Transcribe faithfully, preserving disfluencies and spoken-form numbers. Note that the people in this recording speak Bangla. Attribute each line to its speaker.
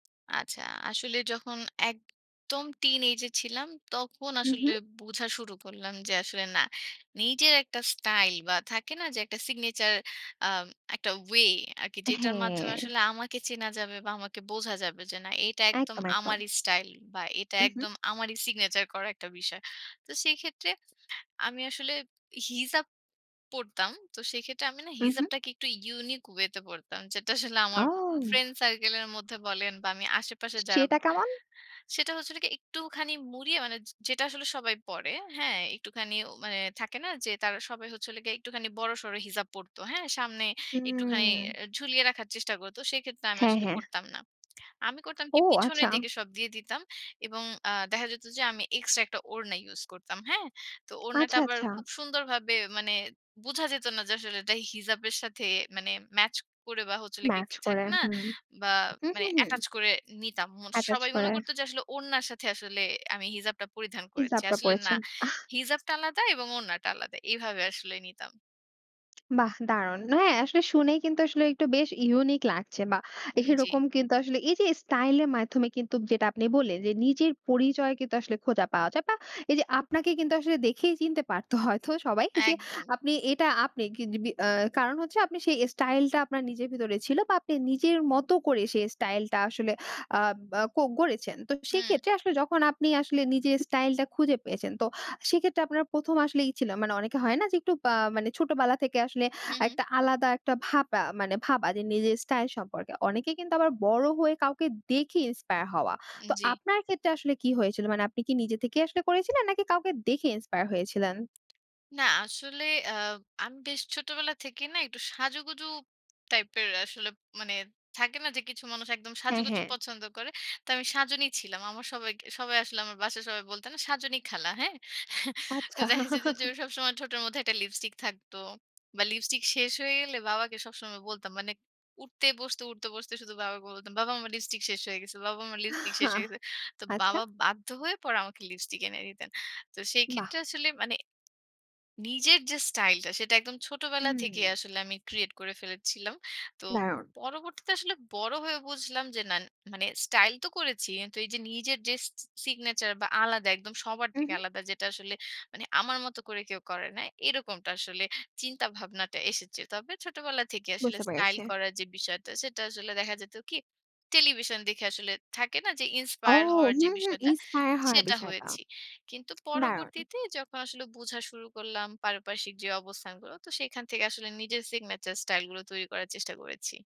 Speaker 1: আচ্ছা। আসলে যখন একদম টিনএজ এ ছিলাম, তখন
Speaker 2: হুম,
Speaker 1: আসলে
Speaker 2: হুম।
Speaker 1: বুঝা শুরু করলাম যে আসলে না। নিজের একটা স্টাইল বা থাকে না? যে একটা সিগনেচার আ একটা ওয়ে আরকি যেটার মাধ্যমে
Speaker 2: হ্যাঁ।
Speaker 1: আসলে আমাকে চেনা যাবে বা আমাকে বোঝা যাবে যে না, এটা একদম
Speaker 2: একদম, একদম।
Speaker 1: আমারই স্টাইল বা এটা
Speaker 2: উহুম।
Speaker 1: একদম আমারই সিগনেচার করা একটা বিষয়। তো সেক্ষেত্রে আমি আসলে হিজাব পড়তাম। তো সেক্ষেত্রে আমি না?
Speaker 2: উহুম।
Speaker 1: হিজাবটাকে একটু ইউনিক ওয়ে তে পড়তাম। যেটা আসলে আমার
Speaker 2: ও!
Speaker 1: ফ্রেন্ড সার্কেল এর মধ্যে বলেন বা আমি আশেপাশে যারা
Speaker 2: সেটা কেমন?
Speaker 1: সেটা হচ্ছিল কি একটুখানি মুড়িয়ে মানে, যে যেটা আসলে সবাই পড়ে। হ্যাঁ, একটুখানি মানে থাকে না? যে তারা সবাই হচ্ছে হলো গিয়ে একটুখানি বড়সড় হিজাব পড়তো। হ্যাঁ? সামনে একটুখানি
Speaker 2: হুম।
Speaker 1: ঝুলিয়ে রাখার চেষ্টা করত। সেক্ষেত্রে আমি
Speaker 2: হ্যাঁ,
Speaker 1: আসলে
Speaker 2: হ্যাঁ।
Speaker 1: পড়তাম না। আমি করতাম
Speaker 2: ও!
Speaker 1: কি? পিছনের
Speaker 2: আচ্ছা।
Speaker 1: দিকে সব দিয়ে দিতাম এবং আ দেখা যেত যে আমি এক্সট্রা একটা ওড়না ইউস করতাম, হ্যাঁ? তো ওড়নাটা
Speaker 2: আচ্ছা,
Speaker 1: আবার
Speaker 2: আচ্ছা।
Speaker 1: খুব সুন্দরভাবে মানে বুঝা যেত না, যে আসলে এটা হিজাবের সাথে ম্যাচ করে বা হচ্ছে হলো গিয়ে
Speaker 2: ম্যাচ
Speaker 1: কি,
Speaker 2: করে
Speaker 1: থাকে না?
Speaker 2: হুম।
Speaker 1: বা
Speaker 2: হুম,
Speaker 1: মানে
Speaker 2: হুম, হুম।
Speaker 1: অ্যাটাচ করে নিতাম। মন
Speaker 2: অ্যাটাচ
Speaker 1: সবাই মনে
Speaker 2: করে।
Speaker 1: করত যে আসলে ওড়নার সাথে আসলে আমি হিজাবটা পরিধান করেছি।
Speaker 2: হিজাবটা
Speaker 1: আসলে না,
Speaker 2: পড়েছেন, আহ!
Speaker 1: হিজাবটা আলাদা এবং ওড়নাটা আলাদা। এভাবে আসলে নিতাম।
Speaker 2: বাহ! দারুন। হ্যাঁ, আসলে শুনে কিন্তু আসলে একটু বেশ ইউনিক লাগছে বা
Speaker 1: উম জি।
Speaker 2: এইরকম কিন্তু আসলে এই যে, স্টাইল এর মাধ্যমে কিন্তু যেটা আপনি বললেন যে, নিজের পরিচয় কিন্তু আসলে খোঁজা পাওয়া যায়। বা এই যে আপনাকে কিন্তু আসলে দেখেই চিনতে পারতো হয়তো সবাই যে
Speaker 1: একদম।
Speaker 2: আপনি এটা আপনি কিগ বি আ কারণ হচ্ছে, আপনি সেই স্টাইল টা আপনার নিজের ভিতরে ছিল বা আপনি নিজের মতো করে সেই স্টাইল টা আসলে আব আ কো গড়েছেন। তো
Speaker 1: হুম।
Speaker 2: সেক্ষেত্রে আসলে যখন আপনি আসলে নিজের স্টাইল টা খুঁজে পেয়েছেন তো, সেক্ষেত্রে আপনার প্রথম আসলে ই ছিল মানে অনেকে হয় না? যে, একটু আ মানে ছোটবেলা থেকে আসলে
Speaker 1: হুম,
Speaker 2: আ
Speaker 1: হুম।
Speaker 2: একটা আলাদা একটা ভাবা মানে ভাবা যে নিজের স্টাইল সম্পর্কে। অনেকে কিন্তু আবার বড় হয়ে কাউকে দেখে ইন্সপায়ার হওয়া।
Speaker 1: উম
Speaker 2: তো
Speaker 1: জি।
Speaker 2: আপনার ক্ষেত্রে আসলে কি হয়েছিল মানে, আপনি কি নিজে থেকেই আসলে করেছিলেন নাকি কাউকে দেখে ইন্সপায়ার হয়েছিলেন?
Speaker 1: না আসলে আ আমি বেশ ছোটবেলা থেকেই না? একটু সাজুগুজু টাইপের আসলে মানে থাকে না যে, কিছু মানুষ একদম
Speaker 2: হ্যাঁ,
Speaker 1: সাজুগুজু
Speaker 2: হ্যাঁ।
Speaker 1: পছন্দ করে? তো আমি সাজুনি ছিলাম। আমার সবাই আসলে আমার বাসায় সবাই বলত না "সাজুনি খালা," হ্যাঁ?
Speaker 2: আচ্ছা।
Speaker 1: দেখা যেত যে সবসময় ঠোটের মধ্যে একটা লিপস্টিক থাকতো। বা লিপস্টিক শেষ হয়ে গেলে বাবাকে সবসময় বলতাম। মানে উঠতে বসতে, উঠতে বসতে শুধু বাবাকে বলতাম, "বাবা আমার লিপস্টিক শেষ হয়ে গেছে, বাবা আমার লিপস্টিক
Speaker 2: আ
Speaker 1: শেষ হয়ে গেছে।" তো
Speaker 2: আচ্ছা।
Speaker 1: বাবা বাধ্য হয়ে পরে আমাকে লিপস্টিক এনে দিতেন। তো সেই
Speaker 2: বাহ!
Speaker 1: ক্ষেত্রে আসলে মানে নিজের যে স্টাইল টা সেটা একদম ছোটবেলা থেকেই
Speaker 2: হুম।
Speaker 1: আসলে আমি ক্রিয়েট করে ফেলেছিলাম। তো
Speaker 2: দারুন।
Speaker 1: পরবর্তীতে আসলে বড় হয়ে বুঝলাম যে না, মানে স্টাইল তো করেছি। এন তো এই যে নিজের যে, সি সিগনেচার বা আলাদা একদম সবার থেকে
Speaker 2: উহুম।
Speaker 1: আলাদা যেটা আসলে মানে আমার মতো করে কেউ করে না। এরকমটা আসলে চিন্তাভাবনাটা এসেছে। তবে ছোটবেলা থেকেই আসলে
Speaker 2: বুঝতে
Speaker 1: স্টাইল
Speaker 2: পেরেছি।
Speaker 1: করার যে বিষয়টা, সেটা আসলে দেখা যেত কি? টেলিভিশন দেখে আসলে থাকে না, যে
Speaker 2: ও!
Speaker 1: ইন্সপায়ার হওয়ার যে
Speaker 2: হুম, হুম
Speaker 1: বিষয়টা?
Speaker 2: ইন্সপায়ার হওয়া
Speaker 1: সেটা
Speaker 2: বিষয়টা,
Speaker 1: হয়েছি। কিন্তু
Speaker 2: দারুন।
Speaker 1: পরবর্তীতে যখন আসলে বুঝা শুরু করলাম পারিপার্শ্বিক যে অবস্থানগুলো, তো সেখান থেকে আসলে নিজের সিগনেচার স্টাইল গুলো তৈরি করার চেষ্টা করেছি।